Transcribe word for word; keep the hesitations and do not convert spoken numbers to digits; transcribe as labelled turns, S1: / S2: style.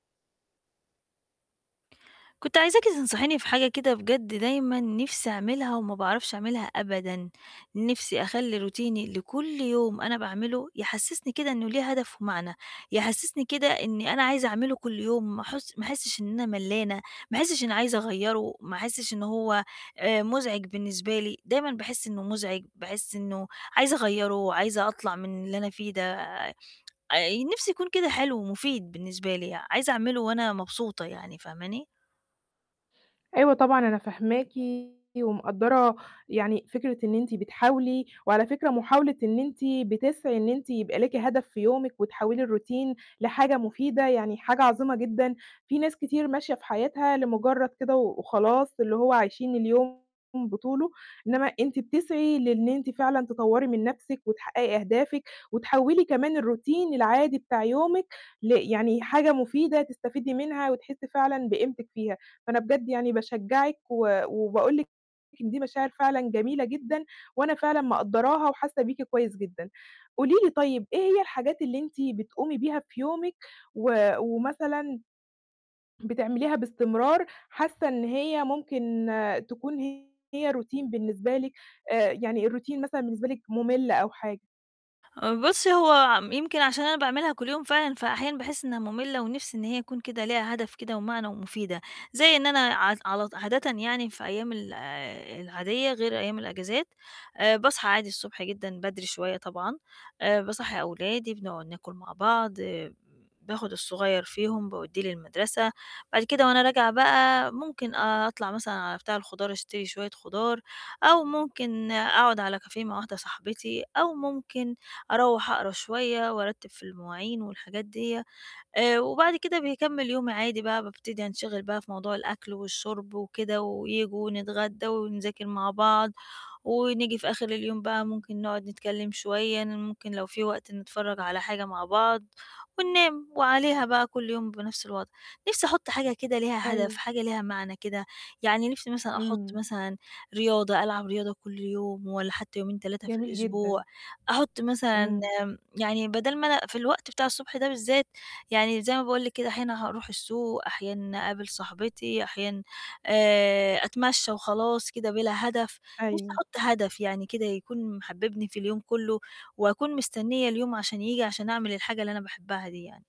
S1: كنت عايزاكِ تنصحيني في حاجة كده، بجد دايمًا نِفْسي أعملها وما باعرفش أعملها أبدًا. نِفْسي أخلّي روتيني اللي كل يوم أنا باعمله يحسّسني كده إنه ليه هدف ومعنى، يحسّسني كده إنّي أنا عايزة أعمله كل يوم ما أحس ما أحسِّش إن أنا ملّانة، ما أحسِّش إن عايزة أغيّره، ما أحسِّش إنه هو آآ مزعج بالنسبة لي، دايمًا باحس إنه مزعج، باحس إنه عايزة أغيّره وعايزة أطلع من اللي أنا فيه ده، آآ نِفْسي يكون كده حلو ومُفيد بالنسبة لي، عايزة أعمله وأنا مبسوطة يعني، فاهماني؟
S2: أيوه طبعًا، أنا فاهماكِ ومقدَّرة يعني فكرة إن أنتِ بتحاولي، وعلى فكرة محاولة إن أنتِ بتسعي إن أنتِ يبقى ليكِ هدف في يومِك وتحوِّلي الروتين لحاجة مفيدة، يعني حاجة عظيمة جدًا. في ناس كتير ماشية في حياتها لمُجرّد كده و وخلاص، اللي هو عايشين اليوم بطوله، إنّما أنتِ بتسعي لإن أنتِ فعلًا تطوّري من نَفْسِك وتحقّقي أهدافِك وتحوِّلي كمان الروتين العادي بتاع يومِك ل يعني حاجة مفيدة تستفيدي منها وتحسّي فعلًا بقيمتِك فيها. فأنا بجد يعني باشجّعِك و وباقول لِك إن دي مشاعر فعلًا جميلة جدًا وأنا فعلًا مقدَّراها وحاسّة بيكِ كويس جدًا. قولي لي طيب، إيه هي الحاجات اللي أنتِ بتقومي بيها في يومِك و ومثلًا ...بتعمليها باستمرار حاسّة إن هي ممكن تكون هي روتين بالنسبة لِك، آآ يعني الروتين مثلًا بالنسبة لِك مُمِّل أو حاجة؟
S1: آآ بُصّي، هو يمكن عشان أنا باعملها كل يوم فعلًا، فأحيانًا باحس إنهّا مُمِّلة ونِفْسي إن هي تكون كده ليها هدف كده ومعنى ومُفيدة، زي إن أنا عط علط عادةً يعني في أيام ال العادية غير أيام الإجازات، آآ باصحى عادي الصبح جدًا بدري شوية طبعًا، آآ باصّحي أولادي بنقعُد ناكُل مع بعض، آآ باخُد الصغير فيهم باودّيه للمَدرسة، بعد كده وأنا راجعة بقى ممكن أطلع مثلًا على بتاع الخُضار أشتري شوية خُضار أو ممكن أقعُد على كافيه مع واحدة صاحبتي أو ممكن أروّح أقرا شوية وأرتِّب في المواعين والحاجات ديّة آآ وبعد كده باكمِّل يومي عادي بقى، بابتدي أنشِغِل بقى في موضوع الأكل والشُرْب وكده وييجوا ونتغدّا ونذاكِر مع بعض. ونيجي في آخِر اليوم بقى ممكن نقعُد نتكلِّم شوية، ن ممكن لو في وقت نتفرّج على حاجة مع بعض وننام وعليها بقى كل يوم بنَفْس الوضع. نَفْسي أحُط حاجة كده ليها هدف،
S2: أيوه.
S1: حاجة ليها معنى كده، يعني نِفْسي مثلًا أحُط
S2: إمم.
S1: مثلًا رياضة، ألعب رياضة كل يوم والّا حتّى يومين، تلاتة في
S2: جميل جدًا.
S1: الأسبوع، أحُط مثلًا
S2: إمم.
S1: آمم يعني بَدَل ما أنا في الوقت بتاع الصبح ده بالذات، يعني زي ما باقول لِك كده أحيانًا هاروح السوق، أحيانًا أقابل صاحبتي، أحيانًا آآ أتمشّى وخلاص كده بِلا هدف نِفْسي
S2: أيوه.
S1: أحُط هدف يعني كده يكون محبّبني في اليوم كُلّه وأكون مستنّية اليوم عشان ييجي عشان أعمل الحاجة اللي أنا باحبّها دي يعني.